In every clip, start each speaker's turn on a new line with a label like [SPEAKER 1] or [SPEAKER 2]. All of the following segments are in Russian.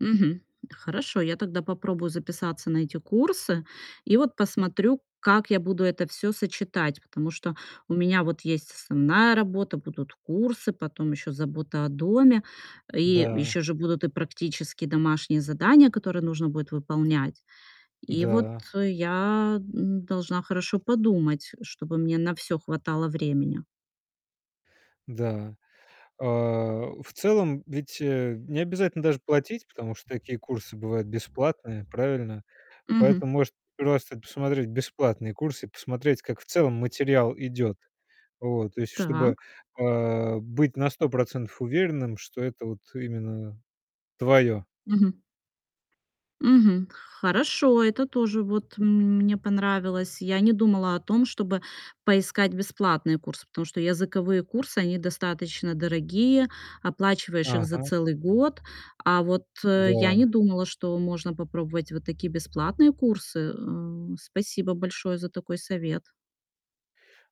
[SPEAKER 1] Мгм. Хорошо, я тогда попробую записаться на эти курсы и вот посмотрю, как я буду это всё сочетать. Потому что у меня вот есть основная работа, будут курсы, потом ещё забота о доме. И
[SPEAKER 2] Да.
[SPEAKER 1] ещё же будут и практические домашние задания, которые нужно будет выполнять. И вот
[SPEAKER 2] Да.
[SPEAKER 1] я н должна хорошо подумать, чтобы мне на всё хватало времени.
[SPEAKER 2] Да. А, в целом, ведь, э, необязательно даже платить, потому что такие курсы бывают бесплатные. Правильно?
[SPEAKER 1] Мгм.
[SPEAKER 2] Поэтому может просто посмотреть бесплатные курсы и посмотреть, как в целом материал идёт. Вот, то есть чтобы,
[SPEAKER 1] Так.
[SPEAKER 2] а, быть на 100 % уверенным, что это вот именно твоё.
[SPEAKER 1] Мгм. Мгм. Хорошо. Это тоже вот м мне понравилось. Я не думала о том, чтобы поискать бесплатные курсы, потому что языковые курсы, они достаточно дорогие. Оплачиваешь их за
[SPEAKER 2] Ага.
[SPEAKER 1] целый год. А вот я не
[SPEAKER 2] Да.
[SPEAKER 1] думала, что можно попробовать вот такие бесплатные курсы. Э, спасибо большое за такой совет.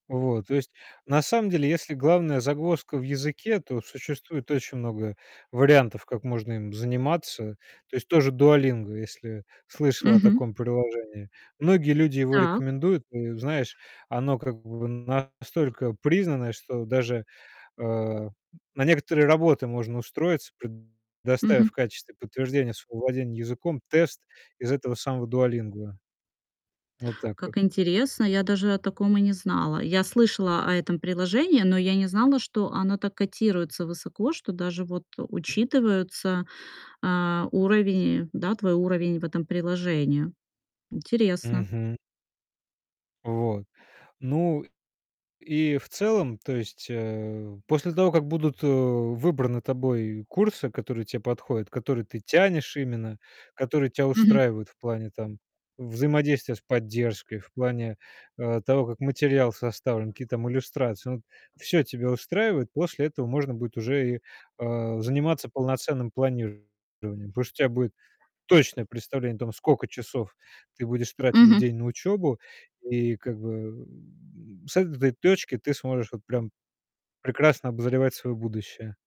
[SPEAKER 2] Вот. То есть, на самом деле, если главная загвоздка в языке, то существует очень много вариантов, как можно им заниматься. То есть то же "Дуолинго", если слышала о
[SPEAKER 1] Мгм.
[SPEAKER 2] таком приложении, многие люди его
[SPEAKER 1] Так.
[SPEAKER 2] рекомендуют. Ну, знаешь, оно как бы настолько признанное, что даже, э, на некоторые работы можно устроиться, предоставив в
[SPEAKER 1] Мгм.
[SPEAKER 2] качестве подтверждения своего владения языком тест из этого самого "Дуолинго". Вот так вот.
[SPEAKER 1] Как интересно! Я даже о таком и не знала. Я слышала о этом приложении, но я не знала, что оно так котируется высоко, что даже вот учитываются, а, уровень, да, твой уровень в этом приложении. Интересно.
[SPEAKER 2] Мгм. Вот. Ну, и в целом То есть, э, после того, как будут, э, выбраны тобой курсы, которые те подходят, которые ты тянешь именно, которые тя
[SPEAKER 1] Мгм.
[SPEAKER 2] устраивают в плане, там, взаимодействия с поддержкой, в плане, э, того, как материал составлен, какие там иллюстрации- ну, всё тебя устраивает. После этого можно будет уже и, э, заниматься полноценным планированием, потому что у тя будет точное представление о том, скока часов ты будешь тратить в
[SPEAKER 1] Мгм.
[SPEAKER 2] день на учёбу. И, как бы, с этой точки ты сможешь вот прям прекрасно обозревать своё будущее.